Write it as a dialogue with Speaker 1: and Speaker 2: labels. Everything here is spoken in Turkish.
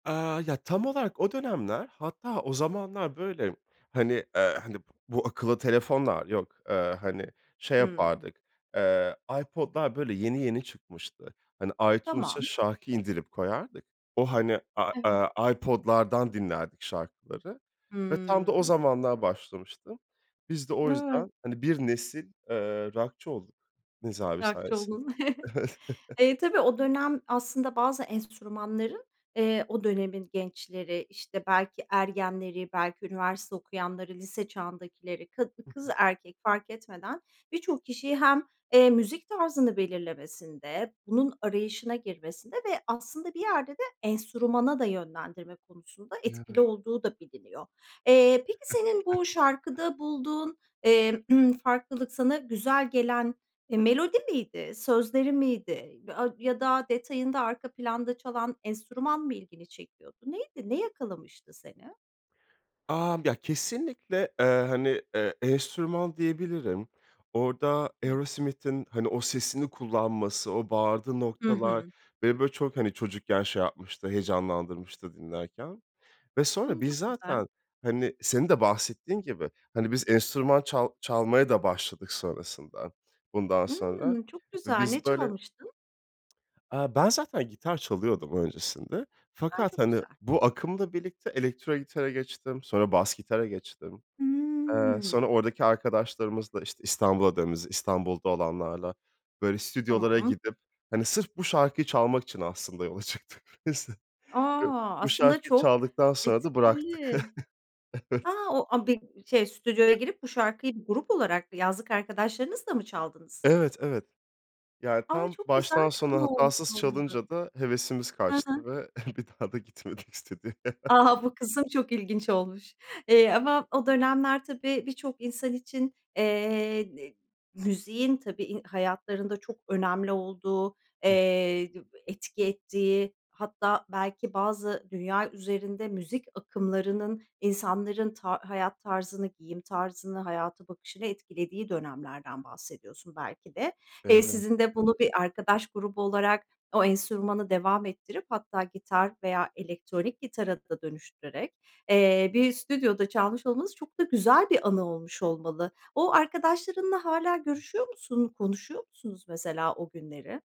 Speaker 1: Aaa, ya, tam olarak o dönemler Hatta, o zamanlar, böyle, hani, eee, hani, eee, b bu akıllı telefonlar yok. Eee, hani, şey
Speaker 2: Hıı.
Speaker 1: yapardık, eee, iPod'lar, böyle, yeni yeni çıkmıştı. Hani, iTunes'a
Speaker 2: Tamam.
Speaker 1: şarkı indirip koyardık. O, hani, a
Speaker 2: Evet.
Speaker 1: aaa, iPod'lardan dinlerdik şarkıları ve tam da o
Speaker 2: Hıı.
Speaker 1: zamanlar başlamıştım. Biz de o
Speaker 2: Evet.
Speaker 1: yüzden, hani, 1 nesil, eee, rockçı olduk Nez abi
Speaker 2: Rockçı
Speaker 1: sayesinde.
Speaker 2: oldun.
Speaker 1: Evet.
Speaker 2: Eee, tabii o dönem aslında bazı enstrümanların, eee, o dönemin gençleri, işte, belki ergenleri, belki üniversite okuyanları, lise çağındakileri ka
Speaker 1: Hı
Speaker 2: kız
Speaker 1: hı.
Speaker 2: erkek fark etmeden bir çok kişiyi hem, eee, müzik tarzını belirlemesinde, bunun arayışına girmesinde ve aslında bir yerde de enstrümana da yönlendirme konusunda etkili
Speaker 1: [unintelligible]
Speaker 2: olduğu da biliniyor. Eee, peki senin bu şarkıda bulduğun, eee, ımm, farklılık sana güzel gelen, eee, melodi miydi, sözleri miydi? [unintelligible] Ya da detayında arka planda çalan enstrüman mı ilgini çekiyordu? Neydi, ne yakalamıştı seni?
Speaker 1: Amm, ya, kesinlikle, eee, hani, iii, enstrüman diyebilirim. Orada
Speaker 2: Evet.
Speaker 1: Aerosmith'in, hani, o sesini kullanması, o bağırdığı
Speaker 2: Hı
Speaker 1: noktalar
Speaker 2: hı.
Speaker 1: beni, böyle, çok, hani, çocukken şey yapmıştı, heyecanlandırmıştı dinlerken ve
Speaker 2: Hımm.
Speaker 1: sonra biz
Speaker 2: Çok güzel.
Speaker 1: zaten, hani, senin de bahsettiğin gibi, hani, biz enstrüman çal çalmaya da başladık sonrasında. Bundan sonra
Speaker 2: Imm, çok
Speaker 1: ve
Speaker 2: güzel. Ne
Speaker 1: biz böyle
Speaker 2: çalmıştın?
Speaker 1: Aaa, ben zaten gitar çalıyordum öncesinde
Speaker 2: A,
Speaker 1: fakat,
Speaker 2: çok
Speaker 1: hani,
Speaker 2: güzel.
Speaker 1: bu akımla birlikte elektro gitara geçtim, sonra bas gitara geçtim. Eee,
Speaker 2: Iıı.
Speaker 1: sonra oradaki arkadaşlarımızla, işte, İstanbul'a [unintelligible] İstanbul'da olanlarla, böyle, stüdyolara
Speaker 2: Tamam.
Speaker 1: gidip, hani, sırf bu şarkıyı çalmak için aslında yola çıktık biz.
Speaker 2: A!
Speaker 1: [unintelligible] Bu
Speaker 2: Aslında
Speaker 1: şarkıyı
Speaker 2: çok
Speaker 1: çaldıktan sonra da bıraktık.
Speaker 2: etkili. A!
Speaker 1: Evet.
Speaker 2: O a bi şey, stüdyoya girip bu şarkıyı grup olarak, yazlık arkadaşlarınızla mı çaldınız?
Speaker 1: Evet, evet. Yani,
Speaker 2: A,
Speaker 1: tam
Speaker 2: çok güzel
Speaker 1: baştan
Speaker 2: bir
Speaker 1: sona
Speaker 2: anı olmuş
Speaker 1: hatasız
Speaker 2: olmalı.
Speaker 1: çalınca da hevesimiz
Speaker 2: Hı hı.
Speaker 1: kaçtı ve bir daha da gitmedik stüdyoya.
Speaker 2: A! Bu kısım çok ilginç olmuş. Eee, ama o dönemler, tabii, birçok insan için, eee, n müziğin i tabii, hayatlarında çok önemli olduğu,
Speaker 1: Hıh.
Speaker 2: eee, d etki ettiği, hatta belki bazı dünya üzerinde müzik akımlarının insanların ta hayat tarzını, giyim tarzını, hayata bakışını etkilediği dönemlerden bahsediyorsun belki de.
Speaker 1: Evet,
Speaker 2: Eee,
Speaker 1: evet.
Speaker 2: sizin de bunu bir arkadaş grubu olarak o enstrümanı devam ettirip, hatta gitar veya elektronik gitara da dönüştürerek, eee, bir stüdyoda çalmış olmanız çok da güzel bir anı olmuş olmalı. O arkadaşlarınla hâlâ
Speaker 1: I
Speaker 2: görüşüyor musun? Konuşuyor musunuz mesela o günleri?